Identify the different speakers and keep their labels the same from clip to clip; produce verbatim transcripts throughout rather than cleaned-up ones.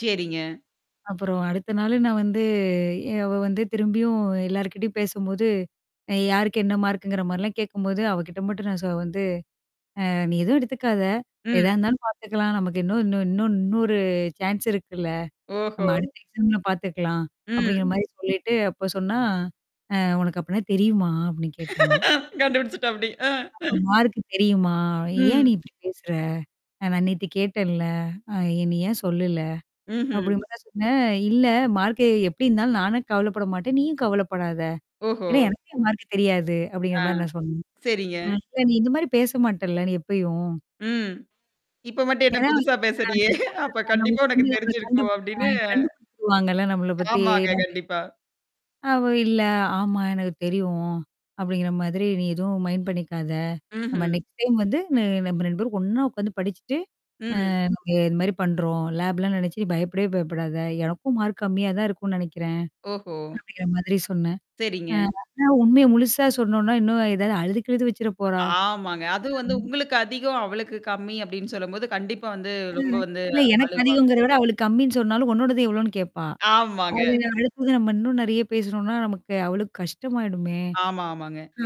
Speaker 1: செரிங்க.
Speaker 2: அப்புறம் அடுத்த நாளு நான் வந்து எ அவ வந்து திரும்பியும் எல்லார்கிட்டயும் பேசும்போது, அ யாருக்கு என்ன மார்க்குங்கிற மாரிலாம் கேட்கும்போது, அவகிட்ட மட்டும் நான் ச வந்து அ நீ எதுவும் எடுத்துக்காத. எதா
Speaker 1: ம்.
Speaker 2: இருந்தாலும் பாத்துக்கலாம். நமக்கு இன்னும் இன்னும் இன்னும் இன்னும் ஒரு சான்ஸ் இருக்குல்ல.
Speaker 1: ஓஹோ!
Speaker 2: ஆமா, அடுத்த எக்ஸாம்ல பாத்துக்கலாம். அப்டிங்கிற
Speaker 1: ம்.
Speaker 2: மாரி சொல்லிட்டு அப்ப சொன்னா அ "உனக்கு அப்பனா தெரியுமா?" அப்டின்னு கேட்டாங்க.
Speaker 1: கண்டுபிடிச்சுட்டாப்டி அ.
Speaker 2: "மார்க் தெரியுமா? ஏன்
Speaker 1: ம்.
Speaker 2: நீ இப்படி பேசுற? ந நான் நேத்து கேட்டேன்ல்ல. அ என்ன ஏன் சொல்லல?"
Speaker 1: ம்ஹ்ம்.
Speaker 2: அப்டி மாரா சொன்னேன். "இல்ல மார்க்கு எப்டி இருந்தாலும் நானும் கவலப்பட மாட்டேன். நீயும் கவலப்படாத.
Speaker 1: ஓஹோ!
Speaker 2: ஏன்னா எனக்கே என் மார்க் தெரியாது.", அப்டிங்கிற
Speaker 1: ஆ.
Speaker 2: மாரி நான் சொன்னேன்.
Speaker 1: சரிங்க.
Speaker 2: "இப்ப நீ இந்த மாரி பேச மாட்டேன்ல நீ எப்பயும்?"
Speaker 1: ம். இப்ப மட்டும் என்ன
Speaker 2: ஏதாவ
Speaker 1: புதுசா
Speaker 2: ஆ.
Speaker 1: பேசுறியே! அப்ப
Speaker 2: அ நம்ம
Speaker 1: கண்டிப்பா
Speaker 2: ஃப்ரெண்ட
Speaker 1: உனக்கு
Speaker 2: நம்மள
Speaker 1: தெரிஞ்சிருக்கும்
Speaker 2: கண்டுபி அ
Speaker 1: அப்டின்னு
Speaker 2: கண்டுபிடிச்சிடுவாங்கல்லாம் நம்மள பத்தி
Speaker 1: ஆமாங்க.
Speaker 2: நம்ம
Speaker 1: கண்டிப்பா.
Speaker 2: அவ," இல்ல, ஆமா எனக்கு தெரியும். அப்டிங்கிற மாதிரி நீ எதுவும் மைண்ட் பண்ணிக்காத? ஆமா
Speaker 1: ம்ஹ்ம்.
Speaker 2: நெக்ஸ்ட் டைம் வந்து ந நம்ம ரெண்டு பேரும் ஒண்ணா உ்க்காந்து படிச்சுட்டு
Speaker 1: ம்.
Speaker 2: அ நீங்க இது மாரி பண்றோம் லேப் லாம் நெனச்சு நீ பயப்படவே பயப்படாத. எனக்கும் மார்க் கம்மியா தான் இருக்கும்ன்னு நெனைக்கிறேன்."
Speaker 1: ஓஹோ!
Speaker 2: அப்டிங்கிற மாதிரி சொன்னேன். அ
Speaker 1: சரிங்க.
Speaker 2: ஆனா உண்மைய முழுசா சொன்னோனா, இன்னும் ஏதாவது அழுது கிழுது வச்சுர போறா?
Speaker 1: ஆமாங்க. அதுவும் வந்து
Speaker 2: ம்.
Speaker 1: உங்களுக்கு அதிகம், அவளுக்கு கம்மி அப்டின்னு சொல்லும்போது கண்டிப்பா வந்து
Speaker 2: அ
Speaker 1: ரொம்ப வந்து
Speaker 2: இல்ல எனக்கு
Speaker 1: அழுவாங்க.
Speaker 2: அதிகங்கிறத விட அவளுக்கு கம்மின்னு சொன்னாலும் உன்னோடது எவ்வளோன்னு கேட்பா?
Speaker 1: ஆமாங்க.
Speaker 2: அது அடுத்தது நம்ம இன்னும் நெறைய பேசுனோம்னா, நமக்கு அவ்வளோ கஷ்டமாயிடுமே
Speaker 1: ஆமா, ஆமாங்க.
Speaker 2: அ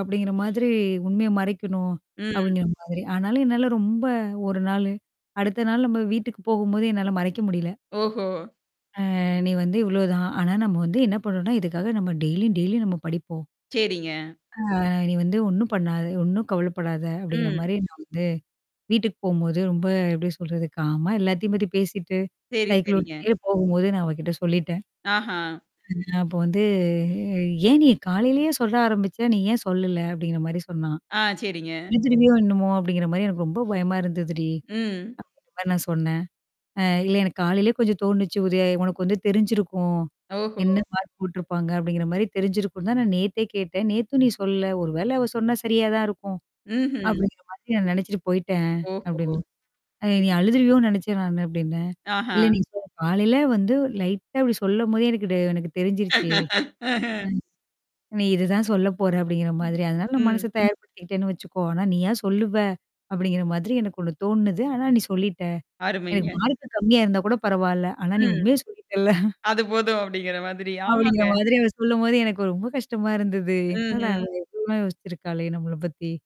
Speaker 2: அப்டிங்கிற மாதிரி உண்மைய மறைக்கணும்.
Speaker 1: ம்.
Speaker 2: அப்டிங்கிற மாதிரி. ஆனாலும் என்னால ரொம்ப ஒரு நாளு. அடுத்த நாள் நம்ம வீட்டுக்கு போகும்போது என்னால மறைக்க முடியல.
Speaker 1: ஓஹோ!
Speaker 2: அ நீ வந்து இவ்ளோதான். ஆனா நம்ம வந்து என்ன பண்ணறோம்னா, இதுக்காக நம்ம டெய்லி டெய்லி நம்ம படிப்போம்.
Speaker 1: சரிங்க.
Speaker 2: அ "நீ வந்து ஒண்ணும் பண்ணாத, ஒண்ணும் கவலப்படாத", அப்டிங்கிற
Speaker 1: ம்.
Speaker 2: மாரி நான் வந்து, வீட்டுக்கு போம்போது, ரொம்ப எப்டி சொல்றது காம் ஆ எல்லாத்தயும் பத்தி பேசிட்டு
Speaker 1: சரி,
Speaker 2: சைக்கிள்
Speaker 1: சரிங்க.
Speaker 2: ஓட்டிட்டே போகும்போது நான் அவகிட்ட சொல்லிட்டேன்.
Speaker 1: ஆஹா.
Speaker 2: அப்போ வந்து "ஏன் நீ காலலயே சொல்ல ஆரம்பிச்சா? நீ ஏன் சொல்லல?", அப்டிங்கிற மாரி சொன்னா.
Speaker 1: ஆ, சரிங்க.
Speaker 2: "அழுதிருவியோ என்னமோ அப்டிங்கிற மாரி எனக்கு ரொம்ப பயமா இருந்ததுடி.",
Speaker 1: ம்.
Speaker 2: அ நான் சொன்னேன். "அ இல்ல எனக்கு காலைலயே கொஞ்சம் தோணுச்சு. ஒரு உனக்கு வந்து தெரிஞ்சிருக்கும்.
Speaker 1: ஓஹோ!
Speaker 2: என்ன மார்க் போட்டுருப்பாங்க அப்டிங்கிற மாரி தெரிஞ்சிருக்கும்னு தான் நான் நேத்தே கேட்டேன். நேத்தும் நீ சொல்லல. ஒரு வேள அவ சொன்னா சரியா தான் இருக்கும்.
Speaker 1: ம்ஹ்ம்.
Speaker 2: அப்டிங்கிற மாதிரி நான் நெனச்சுட்டு போயி்ட்டேன்.",
Speaker 1: ஓஹோ!
Speaker 2: அப்டின்னு. "அ நீ
Speaker 1: சரிங்க.
Speaker 2: அழுதுருவியோ நெனச்சன் நானு" அப்டின்னேன்.
Speaker 1: ஆஹா!
Speaker 2: இல்ல நீ ச காலைல வந்து லைட்டா "இப்டி சொல்லும்போதே எனக்கு ட எனக்கு தெரிஞ்சிருச்சு.
Speaker 1: அஹ.
Speaker 2: ம். நீ இததான் சொல்ல போற" அப்டிங்கிற மாதிரி. "அதனால நான்
Speaker 1: ம்.
Speaker 2: மனச தயார்படுத்திக்கிட்டேன்னு வச்சுக்கோ. ஆனா நீயா சொல்லுவ அப்டிங்கிற மாதிரி எனக்கு ஒண்ணு தோணுது. ஆனா நீ சொல்லிட்ட. எனக்கு
Speaker 1: அருமைங்க.
Speaker 2: மார்க்கு கம்மியா இருந்தா கூட பரவாயல. ஆனா நீ
Speaker 1: ம்.
Speaker 2: உண்மையே சொல்லிட்டல."
Speaker 1: அது போதும் அப்டிங்கிற மாதிரி. ஆமாங்க.
Speaker 2: அப்டிங்கிற மாதிரி அவ சொல்லும்போது எனக்கு ரொம்ப கஷ்டமா இருந்தது. என்னடா
Speaker 1: ம்ஹ்ம்.
Speaker 2: இ இவ்ளோலாம் யோசிச்சிருக்காளே நம்மள பத்தி?